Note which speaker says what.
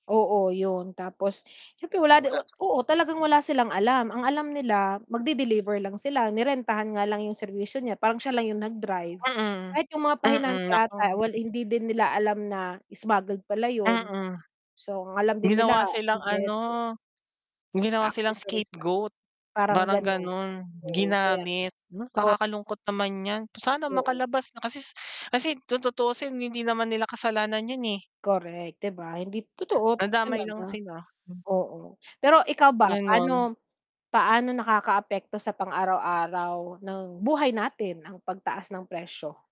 Speaker 1: Oo, 'yon. Tapos siyempre wala di
Speaker 2: Wala.
Speaker 1: oo, talagang wala silang alam. Ang alam nila magde-deliver lang sila, nirentahan nga lang yung serbisyo niya, parang siya lang yung nag-drive.
Speaker 2: Mm.
Speaker 1: Kahit yung mga pahinante
Speaker 2: Mm,
Speaker 1: 'ata
Speaker 2: naku.
Speaker 1: wal hindi din nila alam na smuggled pala yun.
Speaker 2: Mm.
Speaker 1: So, ang alam din nila
Speaker 2: Ginawa silang ano,
Speaker 1: [unintelligible]
Speaker 2: ginawa silang
Speaker 1: Accessories lang,
Speaker 2: scapegoat,
Speaker 1: parang
Speaker 2: parang
Speaker 1: ganon.
Speaker 2: gano'n.
Speaker 1: Oo, kaya
Speaker 2: Ginamit na
Speaker 1: ko.
Speaker 2: nakakalungkot naman 'yan. Sana
Speaker 1: Oo.
Speaker 2: makalabas na kasis kasi kung tutuusin hindi naman nila kasalanan yun, eh.
Speaker 1: Correct, 'di ba? Hind totoo
Speaker 2: Nadamay lang
Speaker 1: talaga,
Speaker 2: sila. Hmm.
Speaker 1: oo. Pero ikaw ba,
Speaker 2: Ganun.
Speaker 1: paano paano nakakaapekto sa pang-araw-araw ng buhay natin ang pagtaas ng presyo?